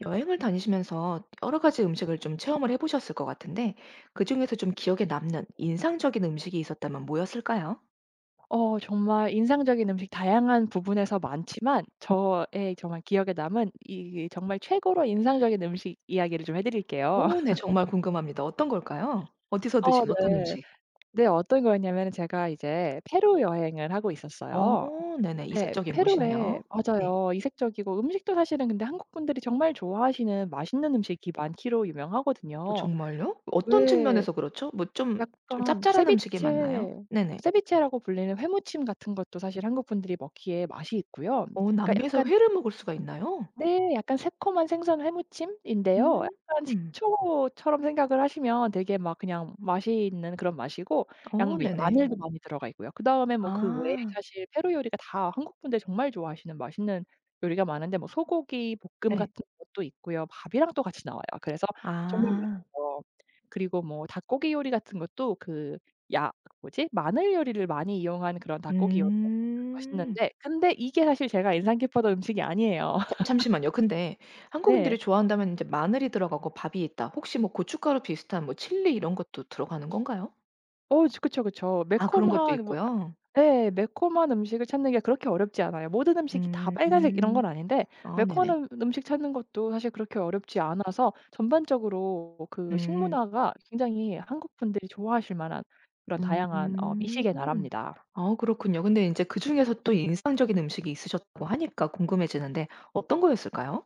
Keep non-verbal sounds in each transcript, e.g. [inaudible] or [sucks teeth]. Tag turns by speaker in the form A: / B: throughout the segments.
A: 여행을 다니시면서 여러 가지 음식을 좀 체험을 해 보셨을 것 같은데 그중에서 좀 기억에 남는 인상적인 음식이 있었다면 뭐였을까요?
B: 어 정말 인상적인 음식 다양한 부분에서 많지만
A: [unintelligible]
B: 저의 정말 기억에 남은 이 정말 최고로 인상적인 음식 이야기를 좀 해 드릴게요.
A: 어 네
B: [laughs]
A: 정말 궁금합니다. 어떤 걸까요? 어디서
B: 어
A: 드신 어떤
B: 네.
A: 음식?
B: 네. 어떤 거였냐면은 제가 이제 페루 여행을 하고
A: 어.
B: 있었어요.
A: 네네.
B: 네
A: 이색적인
B: 페루에
A: 곳이네요? 네.
B: 맞아요. 이색적이고 음식도 사실은 근데 한국분들이 정말 좋아하시는 맛있는 음식이 많기로
A: 아
B: 유명하거든요.
A: 정말요? 어떤
B: 왜
A: 측면에서 그렇죠? 뭐 좀 좀
B: 약간
A: 짭짤한 음식이 많나요?
B: 세비체
A: 네네.
B: 세비체라고 불리는 회무침 같은 것도 사실 한국분들이 먹기에 맛이 있고요.
A: 어
B: 그니까
A: 남미에서
B: 약간
A: 회를 먹을 수가 있나요?
B: 네 약간 새콤한 생선 회무침인데요. 약간
A: 음.
B: 식초처럼 생각을 하시면 되게 막 그냥 맛이 있는 그런 맛이고
A: 어.
B: 양비
A: 네네.
B: 마늘도 많이 들어가 있고요. 그다음에 뭐 그 외에
A: 아.
B: 사실 페루 요리가 다 한국분들 정말 좋아하시는 맛있는 요리가 많은데 뭐 소고기볶음
A: 네.
B: 같은 것도 있고요. 밥이랑 또 같이 나와요. 그래서 정말
A: 아.
B: 맛있죠. 그리고 뭐 닭고기 요리 같은 것도 그 야 뭐지? 마늘 요리를 많이 이용한 그런 닭고기 요리 [unintelligible]
A: 음.
B: 맛있는데 근데 이게 사실 제가 인상 깊었던 음식이 아니에요.
A: 잠
B: [laughs]
A: 잠시만요. 근데
B: 네.
A: 한국인들이 좋아한다면 인제 마늘이 들어가고 밥이 있다. 혹시 뭐 고춧가루 비슷한 뭐 칠리 이런 것도 들어가는 건가요?
B: 어우 쵸 그쵸, 그쵸.
A: 아 그런 것도
B: 매콤한 뭐
A: 있고요.
B: 예 매콤한 음식을 찾는 게 그렇게 어렵지 않아요. 모든 음식이 다 빨간색 이런
A: 음.
B: 건 아닌데
A: 아 네네.
B: 매콤한 음식 찾는 것도 사실 그렇게 어렵지 않아서 전반적으로 그
A: 음.
B: 식문화가 굉장히 한국 분들이 좋아하실 만한 그런 다양한 어
A: 음
B: 미식의 나라입니다.
A: 아 그렇군요. 근데 인제 그중에서 또 인상적인 음식이 있으셨다고 하니까 궁금해지는데 어떤 거였을까요?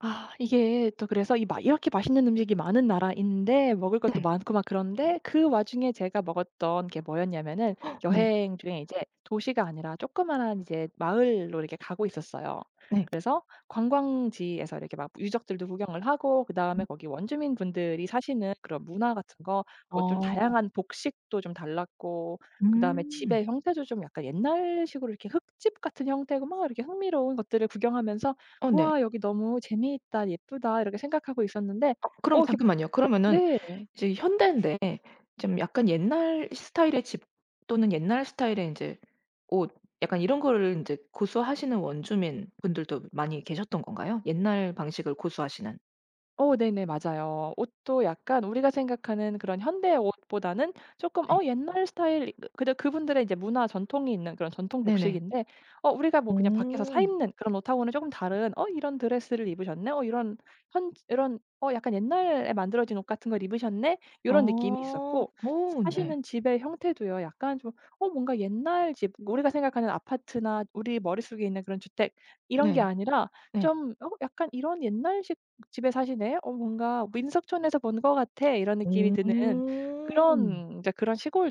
B: 아, 이게 또 그래서 이 막 이렇게 맛있는 음식이 많은 나라인데 먹을 것도
A: 네.
B: 많고 막 그런데 그 와중에 제가 먹었던 게 뭐였냐면은
A: [gasps] 네.
B: 여행 중에 이제 도시가 아니라 조그마한 이제 마을로 이렇게 가고 있었어요.
A: 네.
B: 그래서 관광지에서 이렇게 막 유적들도 구경을 하고 그다음에
A: 음.
B: 거기 원주민 분들이 사시는 그런 문화 같은 거 뭐 좀
A: 어.
B: 다양한 복식도 좀 달랐고 그다음에
A: 음.
B: 집의 형태도 좀 약간 옛날식으로 이렇게 흙집 같은 형태고 막 이렇게 흥미로운 것들을 구경하면서
A: 어 네.
B: '와 여기 너무 재미있다. 예쁘다.' 이렇게 생각하고 있었는데
A: 어
B: 어
A: 그럼
B: 이렇게
A: 잠깐만요. 그러면은
B: 네.
A: 이제 현대인데 좀 약간 옛날 스타일의 집, 또는 옛날 스타일의 인제 옷, 약간 이런 거를 인제 고수하시는 원주민 분들도 많이 계셨던 건가요? 옛날 방식을 고수하시는.
B: 어 네네 맞아요. 옷도 약간 우리가 생각하는 그런 현대 옷보다는 쪼끔
A: 네.
B: 어 옛날 스타일 그 근데 그분들의 이제 문화 전통이 있는 그런 전통
A: 네네.
B: 복식인데 어 우리가 뭐 그냥 밖에서 사
A: 음.
B: 입는 그런 옷하고는 쪼끔 다른 '어 이런 드레스를 입으셨네? 어 이런 현지 이런 어 약간 옛날에 만들어진 옷 같은 걸 입으셨네?' 이런 느낌이
A: 어.
B: 있었고
A: 어 네.
B: 사시는 집의 형태도요 약간 좀 어 뭔가 옛날 집 우리가 생각하는 아파트나 우리 머릿속에 있는 그런 주택 이런 게
A: 네.
B: 아니라
A: 네.
B: 좀 '어 약간 이런 옛날식 집에 사시네. 어 뭔가 민속촌에서 본 것 같아.' 이런 느낌이 드는
A: 음.
B: 그런 인제 그런 시골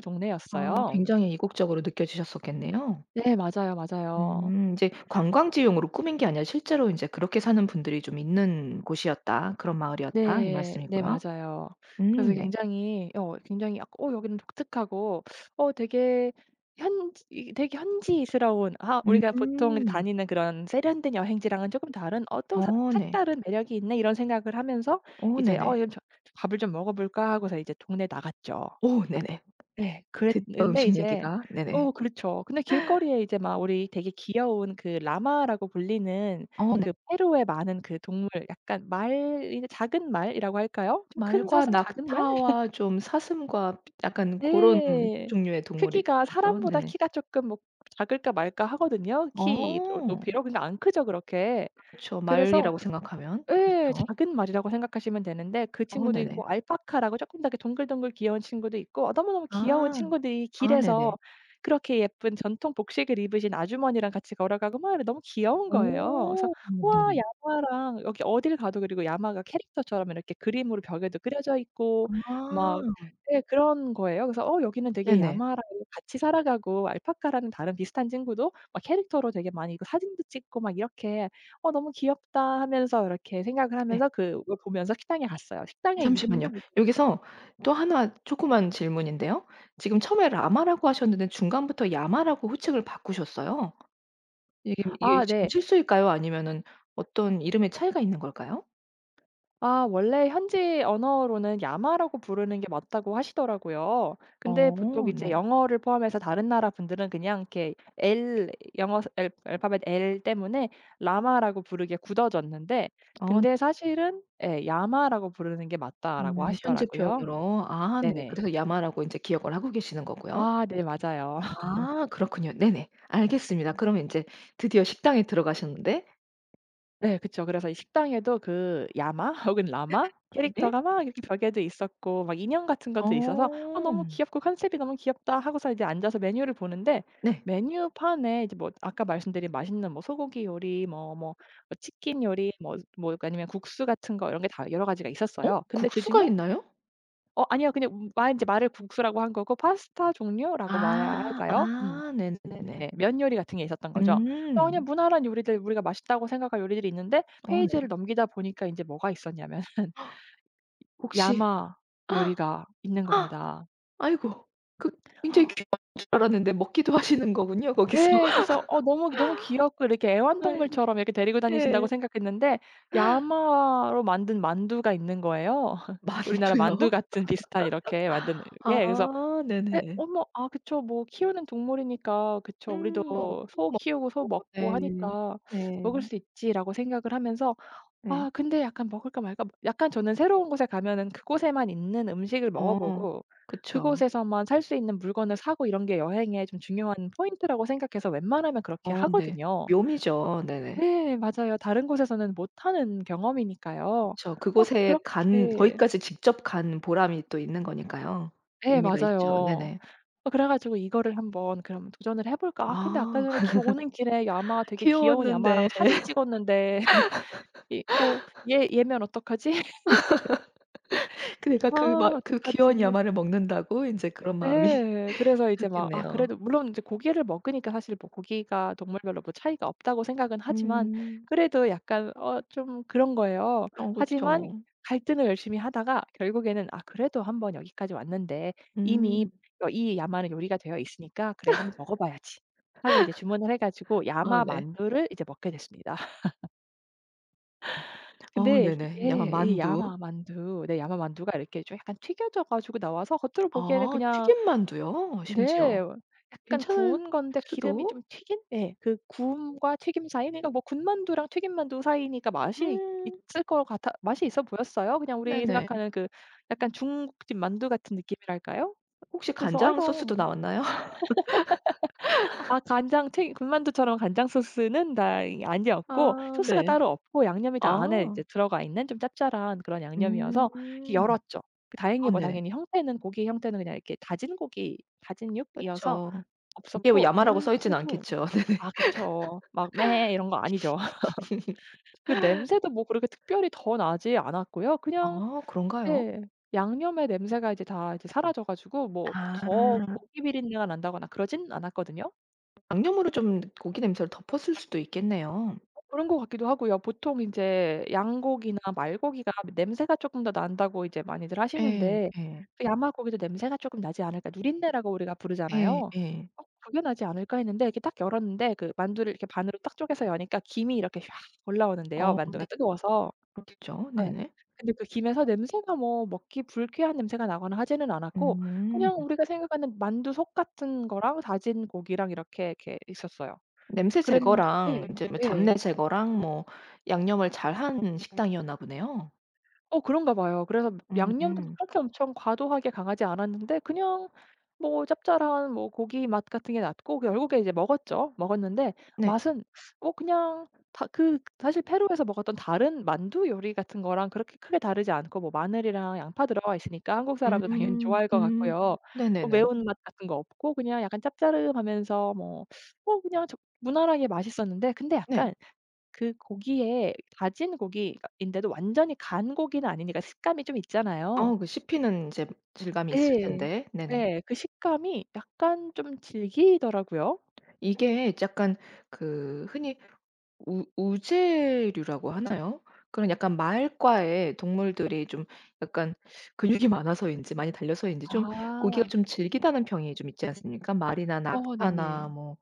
A: 아
B: 동네였어요.
A: 굉장히 이국적으로 느껴지셨었겠네요.
B: 네 맞아요, 맞아요.
A: 음 인제 "관광지용으로 꾸민 게 아니라 실제로 인제 그렇게 사는 분들이 좀 있는 곳이었다. 그런 마을이었다." 이
B: 네. 네
A: 말씀이고요.
B: 맞아요.
A: 음
B: 그래서
A: 네.
B: 굉장히 '어 굉장히 어 여기는 독특하고 [sucks teeth] 어 되게 현지 이게 되게 현지스러운 아 우리가 보통
A: 음.
B: 다니는 그런 세련된 여행지랑은 쪼끔 다른 어 또 석
A: 어 네.
B: 색다른 매력이 있네?' 이런 생각을 하면서
A: 오
B: '이제 어
A: 네네.
B: 이제 좀 밥을 좀 먹어볼까?' 하고서 이제 동네에 나갔죠.
A: 오 네네.
B: 예.
A: 듣던
B: 그랬는데
A: 음식
B: 이제
A: 얘기가. 네네.
B: 어 그렇죠. 근데 길거리에 이제 막 우리 되게 귀여운 그 라마라고 불리는
A: 어 네.
B: 그 페루의 많은 그 동물 약간 말, 이 작은 말이라고 할까요? 좀 큰
A: 말과
B: 사슴, 작은 말?
A: 낙타와
B: [laughs]
A: 좀 사슴과 약간 고런
B: 예.
A: 종류의
B: 크기가
A: 동물이죠.
B: 사람보다
A: 네네.
B: 키가 쪼끔 뭐 작을까 말까 하거든요, 키로
A: 어.
B: 높이로. 근데 안 크죠, 그렇게.
A: 그쵸.
B: 그래서
A: 말이라고 생각하면.
B: 예.
A: 그렇죠.
B: 작은 말이라고 생각하시면 되는데 그
A: 어
B: 친구도
A: 네네.
B: 있고 알파카라고 쪼끔 더 이렇게 동글동글 귀여운 친구도 있고 너무너무 귀여운
A: 아.
B: 친구들이
A: 아
B: 길에서
A: 네네.
B: 그렇게 예쁜 전통 복식을 입으신 아주머니랑 같이 걸어가고 막 이런 너무 귀여운 거예요. 그래서
A: 어
B: '우와
A: 네네.
B: 야마랑' 여기 어딜 가도 그리고 야마가 캐릭터처럼 이렇게 그림으로 벽에도 그려져 있고 막
A: 아.
B: 예 그런 거예요. 그래서 어 여기는 되게
A: 네네.
B: 야마랑 같이 살아가고 알파카라는 다른 비슷한 친구도 막 캐릭터로 되게 많이 그 사진도 찍고 막 이렇게 '어 너무 귀엽다.' 하면서 이렇게 생각을
A: 네.
B: 하면서 그 그걸 보면서 식당에 갔어요. 식당의
A: 잠시만요.
B: 이름도 무슨
A: 여기서 또 1 조그만 질문인데요. 지금 처음에 라마라고 하셨는데 중간부터 야마라고 호칭을 바꾸셨어요. 이게 이게
B: 아
A: 지금
B: 네.
A: 실수일까요? 아니면은 어떤 이름의 차이가 있는 걸까요?
B: 아 원래 "현지 언어로는 야마라고 부르는 게 맞다."고 하시더라고요. 근데 보통
A: 어.
B: 이제
A: 네.
B: 영어를 포함해서 다른 나라 분들은 그냥 이렇게 L 영어에서 L 알파벳 L 때문에 라마라고 부르게 굳어졌는데
A: 어.
B: 근데 사실은 예 "야마라고 부르는 게 맞다."라고
A: 음 현지
B: 하시더라고요.
A: 표현으로. 아 네.
B: 네네.
A: 그래서 야마라고 인제 기억을 하고 계시는 거고요.
B: 아 네 맞아요. [laughs]
A: 아. 그렇군요. 네네. 알겠습니다. 그러면 인제 드디어 식당에 들어가셨는데
B: 네 그쵸. 그래서 이 식당에도 그 야마 혹은 라마
A: [unintelligible] 예?
B: 캐릭터가 막 이렇게 벽에도 있었고 막 인형 같은 것도 있어서 "아
A: 어.
B: 너무 귀엽고 컨셉이 너무 귀엽다." 하고서 이제 앉아서 메뉴를 보는데
A: 네.
B: 메뉴판에 이제 뭐 아까 말씀드린 맛있는 뭐 소고기 요리, 뭐 뭐 어 치킨 요리, 뭐 뭐 약간 아니면 국수 같은 거 이런 게 다 여러 가지가
A: 어?
B: 있었어요. 근데
A: 국수가
B: 그중에
A: 있나요?
B: 어 아니요. 그냥 무 아 인제 말을 국수라고 한 거고 파스타 종류라고 말해야
A: 아.
B: 할까요? 음.
A: 아.네네네네.
B: 네. 면 요리 같은 게 있었던 거죠. 아 그냥
A: 음.
B: 무난한 요리들 우리가 맛있다고 생각한 요리들이 있는데
A: 어 네.
B: 페이지를 넘기다 보니까 인제 뭐가 있었냐면은
A: [gasps] 혹시
B: 야마 요리가 있는
A: [gasps]
B: 겁니다.
A: 아이고 그 굉장히
B: [gasps]
A: 귀한 줄 알았는데 먹기도 하시는 거군요, 거기서.
B: 예 그래서 어 '너무 너무 귀엽고 이렇게
A: [laughs] 아이고
B: 애완동물처럼 이렇게 데리고 다니신다.'고
A: 예.
B: 생각했는데
A: [gasps]
B: 야마로 만든 만두가 있는 거예요, [laughs] 우리나라 만두
A: 만두요?
B: 같은 비슷한 이렇게 만든
A: [laughs]
B: 예
A: 아
B: 그래서 '에
A: 네네.
B: 어머 아 그쵸. 뭐 키우는 동물이니까 그쵸. 우리도
A: 음.
B: 소 키우고 소
A: [unintelligible]
B: 먹고
A: 네.
B: 하니까
A: 네.
B: 먹을 수 있지.' 라고 생각을 하면서
A: 네.
B: 아 근데 약간 '먹을까? 말까?' 뭐 약간 저는 새로운 곳에 가면은 그곳에만 있는 음식을 먹어
A: 어
B: 보고
A: 그쵸.
B: 그곳에서만 살 수 있는 물건을 사고 이런 게 여행의 좀 중요한 포인트라고 생각해서 웬만하면 그렇게
A: 어 네.
B: 하거든요.
A: 묘미죠. 네네.
B: 예 맞아요. 다른 곳에서는 못하는 경험이니까요.
A: 그쵸.
B: 막
A: 그곳에 간
B: 그렇게
A: 거기까지 직접 간 보람이 또 있는 거니까요.
B: 예
A: 의미가 있죠.
B: 맞아요.
A: 네네.
B: 어 그래 가지고 '이거를 한번 그럼 도전을 해 볼까? 아 근데 아까
A: 아
B: 전에 기 오는 길에 야마
A: [laughs]
B: 되게 귀여운
A: 귀여웠는데.
B: 야마랑 사진 찍었는데 [laughs] 이거
A: [laughs]
B: 얘 얘면 어떡하지?
A: [laughs] 그
B: [laughs]
A: 내가
B: 아
A: 그 막 '그 귀여운
B: 어떡하지.'
A: 야마를 먹는다고?' 인제 그런 마음이
B: 예. 그래서 이제 막 아
A: 들었겠네요.
B: 그래도 물론 이제 고기를 먹으니까 사실 뭐 '고기가 동물별로 뭐 차이가 없다.'고 생각은 하지만
A: 음.
B: 그래도 약간 어 좀 그런 거예요.
A: 어
B: 하지만
A: 그쵸.
B: 갈등을 열심히 하다가 결국에는 '아 그래도 한번 여기까지 왔는데
A: 음.
B: 이미 어 이 야마 요리가 되어 있으니까 그래 한번 먹어 봐야지.' 하고 이제 주문을 해 가지고
A: [laughs] 아
B: 야마
A: 네.
B: 만두를 이제 먹게 됐습니다. [laughs]
A: 어
B: 근데
A: 네네. 야마
B: 예 이
A: 만두.
B: 야마 만두. 네 야마 만두가 이렇게 좀 약간 튀겨져 가지고 나와서 겉으로 보기에는
A: 아
B: 그냥
A: 튀김 만두요?
B: 네.
A: 심지어.
B: 약간
A: 괜찮을
B: 구운 건데 기름이 좀
A: 수도.
B: 튀긴? 예 그 구움과 튀김 사이 그니까 뭐 군만두랑 튀김 만두 사이니까 맛이
A: 음.
B: 있을 거 같아 맛이 있어 보였어요. 그냥 우리
A: 네네.
B: 생각하는 그 약간 중국집 만두 같은 느낌이랄까요?
A: 혹시
B: 그래서 아
A: 간장 소스도
B: 이거
A: 나왔나요?
B: [laughs] 아
A: [laughs]
B: 간장 튀김 군만두처럼 간장 소스는 다 이 아니었고
A: 아
B: 소스가
A: 네.
B: 따로 없고 양념이 다 안에 인제
A: 아.
B: 들어가 있는 좀 짭짤한 그런 양념이어서
A: 음.
B: 열었죠.
A: 아
B: 다행히 뭐
A: 네.
B: 당연히 형태는 고기의 형태는 그냥 이렇게 다진 고기 다짐육이어서
A: 그쵸. 그게 뭐
B: 없었고
A: 야마라고 써 있진
B: 냄새도
A: 않겠죠. 네네.
B: 아 그쵸. 막 이런 거 아니죠. [laughs] 그
A: [laughs]
B: 냄새도 뭐 그렇게 특별히 더 나지 않았고요. 그냥
A: 아 그런가요?
B: 네. 양념의 냄새가 이제 다 이제 사라져 가지고 뭐 더
A: 아.
B: 고기 비린내가 난다거나 그러진 않았거든요.
A: 양념으로 좀 고기 냄새를 덮었을 수도 있겠네요.
B: 어 그런 것 같기도 하고요. 보통 인제 "양고기나 말고기가 냄새가 쪼끔 더 난다."고 이제 많이들
A: 예
B: 하시는데
A: 예.
B: '야마 고기도 냄새가 쪼끔 나지 않을까' 누린내라고 우리가 부르잖아요.
A: 예 예.
B: '어 그게 나지 않을까.' 했는데 이렇게 딱 열었는데 그 만두를 이렇게 반으로 딱 쪼개서 여니까 김이 이렇게 쫙 올라오는데요
A: 어
B: 만두가
A: 근데
B: 뜨거워서.
A: 그렇겠죠.
B: 예.
A: 네네.
B: 근데 그 김에서 냄새가 뭐 먹기 불쾌한 냄새가 나거나 하지는 않았고
A: 음.
B: 그냥 우리가 생각하는 만두 속 같은 거랑 다진 고기랑 이렇게, 이렇게 있었어요.
A: 냄새
B: 그랬는 네.
A: 제거랑 인제 뭐
B: 예.
A: 잡내 제거랑 뭐 양념을 잘한 식당이었나 보네요.
B: 어 그런가 봐요. 그래서 양념도 막
A: 음.
B: 그렇게 엄청 과도하게 강하지 않았는데 그냥 뭐 짭짤한 뭐 고기맛 같은 게 났고 결국에 이제 먹었죠. 먹었는데
A: 네.
B: 맛은 뭐 그냥 다 그 사실 페루에서 먹었던 다른 만두 요리 같은 거랑 그렇게 크게 다르지 않고 뭐 마늘이랑 양파 들어가 있으니까 한국 사람도 당연히
A: 음.
B: 좋아할 것
A: 음.
B: 같고요. 뭐
A: 네네네.
B: 매운맛 같은 거 없고 그냥 약간 짭짜름하면서 뭐 뭐 그냥 적 무난하게 맛있었는데 근데
A: 네.
B: 약간 그 고기에 다진 고기 그니까 인데도 완전히 간 고기는 아니니까 식감이 좀 있잖아요.
A: 어 그 씹히는 인제 질감이 있을
B: 예.
A: 텐데. 네네.
B: 예. 그 식감이 약간 좀 질기더라고요.
A: 이게 약간 그 흔히 우 우제류라고 하나요? 그런 약간 말과의 동물들이 좀 약간 근육이 많아서인지 많이 달려서인지 좀 고기가
B: 아.
A: 좀 질기다는 평이 좀 있지 않습니까? 말이나
B: 어
A: 낙타나
B: 네네.
A: 뭐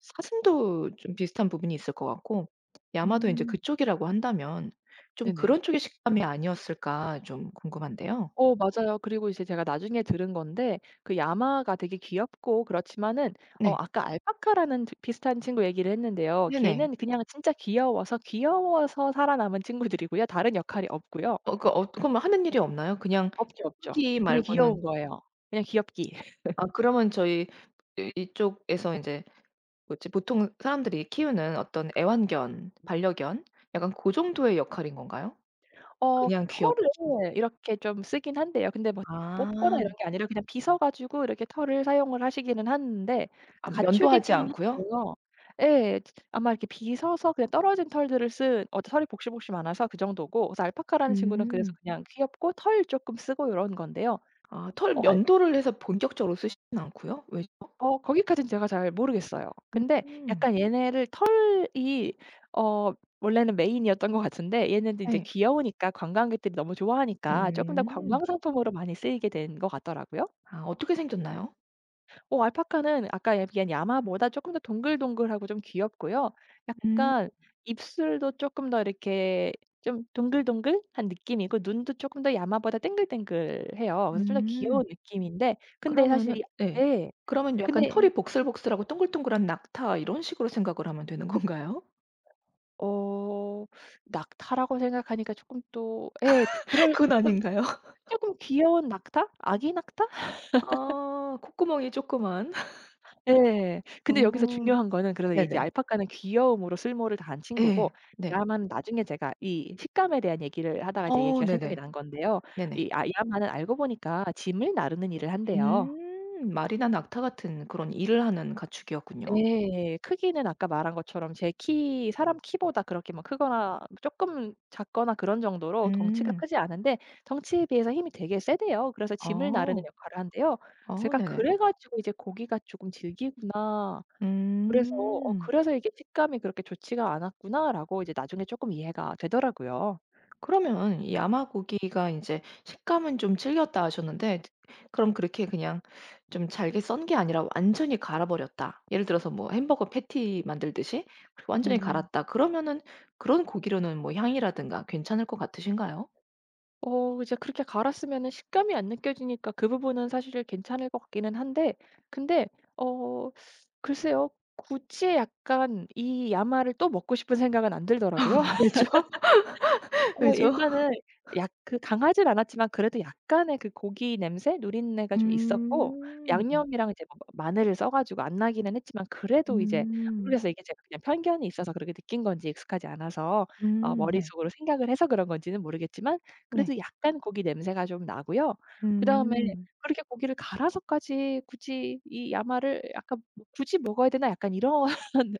A: 사슴도 좀 비슷한 부분이 있을 것 같고 야마도 이제
B: 음.
A: 그쪽이라고 한다면 '좀
B: 네네.
A: 그런 쪽의 식감이 아니었을까.' 좀 궁금한데요.
B: 어 맞아요. 그리고 이제 제가 나중에 들은 건데 그 야마가 되게 귀엽고 그렇지만은 어
A: 네.
B: 아까 알파카라는 저 비슷한 친구 얘기를 했는데요.
A: 네네.
B: 걔는 그냥 진짜 귀여워서 귀여워서 살아남은 친구들이고요. 다른 역할이 없고요.
A: 어 그러니까 어 그러면 하는 일이 없나요? 그냥
B: 없죠, 없죠.
A: 귀엽기
B: 그냥
A: 말고는.
B: 귀여운 거예요. 그냥 귀엽기.
A: 아
B: [laughs]
A: 그러면 저희 이 이쪽에서 인제 뭐지 보통 사람들이 키우는 어떤 애완견 반려견 약간 고 정도의 역할인 건가요?
B: 어
A: 그냥 귀엽기
B: 털을 이렇게 좀 쓰긴 한대요. 근데 뭐 뽑거나 이런
A: 아.
B: 게 아니라 그냥 빗어 가지고 이렇게 털을 사용을 하시기는 하는데
A: 아 면도하지
B: 가축이기는
A: 않고요?
B: 한데요. 예. 아마 이렇게 빗어서 그냥 떨어진 털들을 쓴 어 털이 복실복실 많아서 그 정도고 그래서 알파카라는 친구는 그래서
A: 음.
B: 그냥 귀엽고 털 조금 쓰고 요런 건데요.
A: 아 털
B: 어 알
A: 면도를 해서 본격적으로 쓰시진 않고요. 왜죠?
B: 어 거기까지는 제가 잘 모르겠어요. 근데
A: 음.
B: 약간 얘네를 털이 어 원래는 메인이었던 거 같은데 얘네는 인제
A: 네.
B: 귀여우니까 관광객들이 너무 좋아하니까 쪼끔 더
A: 음.
B: 관광상품으로 많이 쓰이게 된 것 같더라고요.
A: 아 어떻게 생겼나요?
B: 어 알파카는 아까 얘기한 야마보다 쪼끔 더 동글동글하고 좀 귀엽고요.
A: 음.
B: 약간 입술도 쪼끔 더 이렇게 좀 동글동글한 느낌이고 눈도 쪼끔 더 야마보다 땡글땡글해요. 그래서 좀 더 귀여운
A: 음.
B: 느낌인데 근데
A: 그러면은
B: 사실 이
A: 예.
B: 예.
A: 그러면 약간
B: 근데
A: 털이 복슬복슬하고 똥글똥글한 낙타 이런 식으로 생각을 하면 되는 건가요?
B: 어. 낙타라고 생각하니까 조끔 또 예. 그
A: [laughs]
B: 그럴
A: 그건
B: 쫌
A: 아닌가요?
B: 쪼끔 귀여운 낙타? 아기 낙타? [laughs]
A: 아. 콧구멍이 쪼끄만.
B: 예.
A: [laughs]
B: 근데 여기서
A: 어
B: 중요한 거는 그런 이제
A: 네네.
B: 알파카는 귀여움으로 쓸모를 다한 친구고
A: 예 네.
B: 야마는 나중에 제가 이 식감에 대한 얘기를 하다가 이제
A: 어
B: 얘기가 생각이
A: 네네.
B: 난 건데요.
A: 네네.
B: 이 아 이 야마는 알고 보니까 짐을 나르는 일을 한대요.
A: 음. 말이나 낙타 같은 그런 일을 하는 가축이었군요.
B: 예. 크기는 아까 말한 것처럼 제 키 사람 키보다 그렇게 막 크거나 쪼끔 작거나 그런 정도로 덩치가
A: 음.
B: 크지 않은데 덩치에 비해서 힘이 되게 세대요. 그래서 짐을 나르는
A: 어.
B: 역할을 한대요.
A: 어
B: 제가
A: 네네.
B: 그래 가지고 이제 '고기가 조끔 질기구나.' 그래서 어
A: 음.
B: 그래서 '이게 식감이 그렇게 좋지가 않았구나.'라고 이제 나중에 쪼끔 이해가 되더라고요.
A: 그러면 이 야마 고기가 인제 "식감은 좀 질겼다." 하셨는데 트 그럼 그렇게 그냥 좀 잘게 썬 게 아니라 완전히 갈아버렸다. 예를 들어서 뭐 햄버거 패티 만들듯이 완전히
B: 음.
A: 갈았다 그러면은 그런 고기로는 뭐 향이라든가 괜찮을 것 같으신가요?
B: 어 이제 그렇게 갈았으면은 식감이 안 느껴지니까 그 부분은 사실 괜찮을 것 같기는 한데 근데 어 글쎄요. 굳이 약간 이 야마를 또 먹고 싶은 생각은 안 들더라고요.
A: [laughs] 왜죠?
B: [laughs] 어
A: 왜죠?
B: 일단은 약 그 강하지는 않았지만 그래도 약간의 그 고기 냄새 누린내가 좀 있었고
A: 음.
B: 양념이랑 이제 뭐 뭐 마늘을 써 가지고 안 나기는 했지만 그래도 이제
A: 음.
B: 모르겠어요, 이게 제가 그냥 편견이 있어서 그렇게 느낀 건지 익숙하지 않아서 어
A: 음 네.
B: 머릿속으로 생각을 해서 그런 건지는 모르겠지만
A: 네.
B: 그래도 약간 고기 냄새가 좀 나고요. 그다음에
A: 음.
B: 그렇게 '고기를 갈아서까지 굳이 이 야마를 약간 뭐 굳이 먹어야 되나.' 약간 이런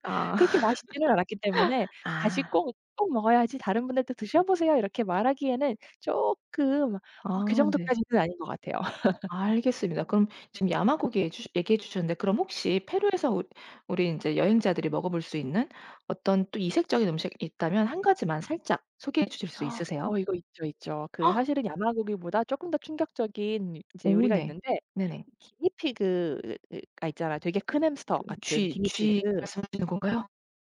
A: 아.
B: 그렇게 맛있지는 않았기 때문에
A: [laughs]
B: 다시
A: 아.
B: 꼭 꼭 먹어야지 다른 분한테 "드셔보세요." 이렇게 말하기에는 쪼끔 어 그
A: 아 네.
B: 정도까지는 아닌 것 같아요. [laughs]
A: 알겠습니다. 그럼 지금 야마 고기 얘주 얘기해 주셨는데 그럼 혹시 페루에서 웃 우리 인제 여행자들이 먹어볼 수 있는 어떤 또 이색적인 음식 있다면 1 가지만 살짝 소개해 주실 수
B: [gasps] 어
A: 있으세요?
B: 이거 있죠, 있죠. 그
A: [gasps]
B: 사실은 야마 고기보다 쪼끔 더 충격적인 이제
A: 오
B: 요리가
A: 네.
B: 있는데
A: 네네.
B: 기니피그가 있잖아요. 되게 큰 햄스터
A: 그
B: 같은
A: 쥐 쥐
B: 기니피그.
A: 말씀하시는 건가요?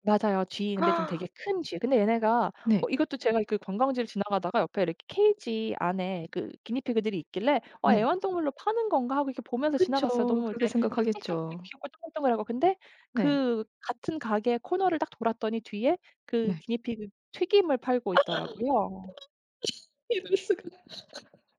B: 맞아요 쥐. 근데 좀 되게
A: [gasps]
B: 큰 쥐. 근데 얘네가 어
A: 네.
B: 이것도 제가 그 관광지를 지나가다가 옆에 이렇게 케이지 안에 그 기니피그들이 있길래 '어
A: 네.
B: 애완동물로 파는 건가?' 하고 이렇게 보면서 지나갔어요.
A: 그쵸.
B: 너무
A: 그렇게
B: 이제 짹짹짹 되게
A: 생각하겠죠.
B: 귀엽고 동글동글하고 근데
A: 네.
B: 그 같은 가게 코너를 딱 돌았더니 뒤에 그
A: 네.
B: 기니피그 튀김을
A: [gasps] 대박.
B: 팔고 있더라고요.
A: [laughs] 이럴 수가 [laughs]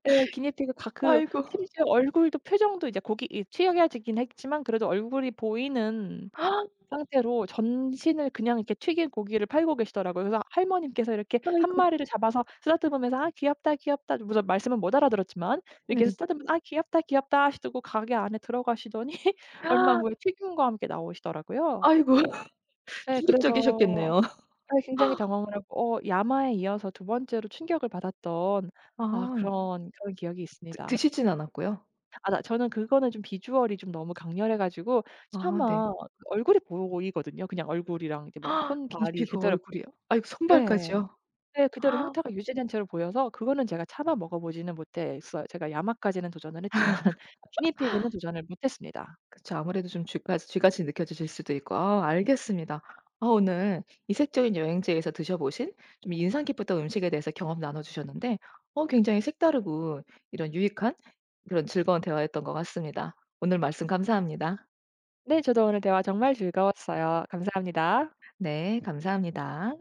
B: 예 기니피그가 그
A: 아이고.
B: 심지어 얼굴도 표정도 이제 고기 이 튀겨지긴 했지만 그래도 얼굴이 보이는
A: [gasps]
B: 상태로 전신을 그냥 이렇게 튀긴 고기를 팔고 계시더라고요. 그래서 할머님께서 이렇게 1
A: 아이고.
B: 마리를 잡아서 쓰다듬으면서 "아 귀엽다, 귀엽다." 그러고서 말씀은 못 알아들었지만 이렇게
A: 네.
B: 쓰다듬으면서 "아 귀엽다 귀엽다." 하시더 고 가게 안에 들어가시더니 얼마 후에
A: [gasps]
B: 튀김과 함께 나오시더라고요.
A: 아이고
B: 예 그래서
A: [laughs] 충격적이셨겠네요.
B: 사실 굉장히
A: [laughs]
B: 당황을 하고 어 야마에 이어서 2 번째로 충격을 받았던 아
A: 아.
B: 그런, 그런 기억이
A: 드
B: 있습니다.
A: 드시지는 않았고요?
B: 아 나 저는 그거는 좀 비주얼이 좀 너무 강렬해 가지고
A: 아 네.
B: 차마 얼굴이 보이거든요. 그냥 얼굴이랑 이렇게 막
A: [gasps]
B: 손발이
A: 기니피그
B: 그대로
A: 얼굴이요? 아이고
B: 예.
A: 손발까지요?
B: 네 그대로
A: [gasps]
B: 형태가 유지된 채로 보여서 그거는 제가 차마 먹어 보지는 못했어요. 제가 야마까지는 도전을 했지만 기니피그는
A: [laughs]
B: 도전을 못했습니다.
A: 그쵸. 아무래도 좀 쥐파지 쥐같이 느껴지실 수도 있고 아 알겠습니다. 아 오늘 이색적인 여행지에서 드셔 보신 좀 인상 깊었던 음식에 대해서 경험 나눠 주셨는데 어 굉장히 색다르고 이런 유익한 그런 즐거운 대화였던 것 같습니다. 오늘 말씀 감사합니다.
B: 네 저도 오늘 대화 정말 즐거웠어요. 감사합니다.
A: 네 감사합니다.